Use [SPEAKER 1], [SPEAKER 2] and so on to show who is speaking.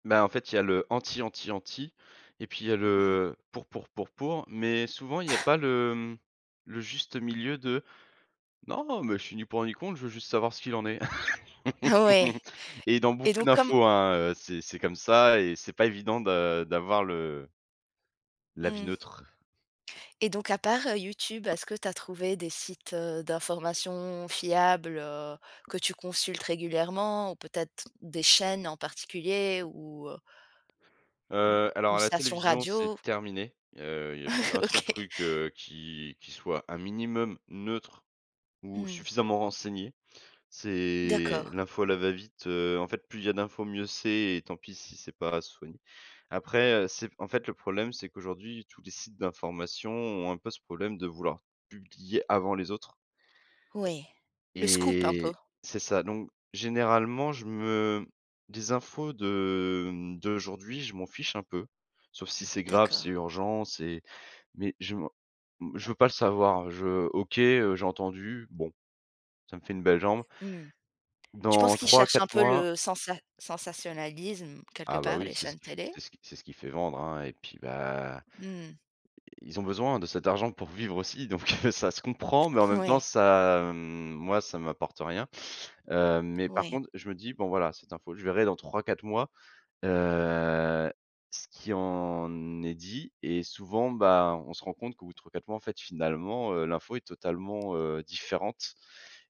[SPEAKER 1] Bah en fait il y a le anti anti anti et puis il y a le,
[SPEAKER 2] Mmh.
[SPEAKER 1] heu, pour pour pour pour mais souvent il y a pas le mmh, le juste milieu de non mais je suis ni pour ni contre, je veux juste savoir ce qu'il en est
[SPEAKER 2] Ah ouais
[SPEAKER 1] et dans
[SPEAKER 2] et
[SPEAKER 1] beaucoup
[SPEAKER 2] donc comme
[SPEAKER 1] d'infos hein, heu, c'est c'est comme ça et c'est pas évident de d'avoir le l'avis
[SPEAKER 2] Mmh.
[SPEAKER 1] neutre.
[SPEAKER 2] Et donc à part, heu, YouTube, heu, est-ce que tu as trouvé des sites, heu, d'informations fiables, heu, que tu consultes régulièrement ou peut-être des chaînes en particulier ou heu Mmh,
[SPEAKER 1] Heu, alors
[SPEAKER 2] une
[SPEAKER 1] à la
[SPEAKER 2] station
[SPEAKER 1] télévision, c'est
[SPEAKER 2] radio?
[SPEAKER 1] terminé, heu, il y a plus 1 seul
[SPEAKER 2] OK.
[SPEAKER 1] truc, heu, qui qui soit un minimum neutre ou
[SPEAKER 2] Mmh.
[SPEAKER 1] suffisamment renseigné. C'est
[SPEAKER 2] D'accord.
[SPEAKER 1] l'info à la va-vite, heu, en fait plus il y a d'infos mieux c'est et tant pis si c'est pas soigné. Après, heu, c'est en fait le problème c'est qu'aujourd'hui tous les sites d'information ont un peu ce problème de vouloir publier avant les autres
[SPEAKER 2] Oui, le scoop un peu.
[SPEAKER 1] et c'est ça donc généralement je me des infos de, mmh, d'aujourd'hui je m'en fiche un peu sauf si c'est grave, c'est
[SPEAKER 2] D'accord.
[SPEAKER 1] urgent c'est mais je m'en je veux pas le savoir je OK, heu, j'ai entendu bon, ça me fait une belle jambe.
[SPEAKER 2] Mmh. Tu penses
[SPEAKER 1] dans
[SPEAKER 2] qu'ils cherchent un
[SPEAKER 1] 3-4
[SPEAKER 2] peu
[SPEAKER 1] mois
[SPEAKER 2] le sensat sensationnalisme quelque
[SPEAKER 1] Ah bah
[SPEAKER 2] part,
[SPEAKER 1] oui
[SPEAKER 2] les
[SPEAKER 1] c'est
[SPEAKER 2] chaînes télé?
[SPEAKER 1] c'est ce c'est ce qui fait vendre hein et puis bah
[SPEAKER 2] Mmh.
[SPEAKER 1] Ils ont besoin de cet argent pour vivre aussi donc heu, ça se comprend, mais en même temps,
[SPEAKER 2] Ouais.
[SPEAKER 1] ça mmh, moi ça m'apporte rien. Heu, mais par
[SPEAKER 2] Ouais.
[SPEAKER 1] contre, je me dis: «Bon voilà, cette info, je verrai dans 3-4 mois». Heu, ce qui en est dit et souvent, ben, on se rend compte qu'au bout de 3-4 mois en fait finalement, heu, l'info est totalement, heu, différente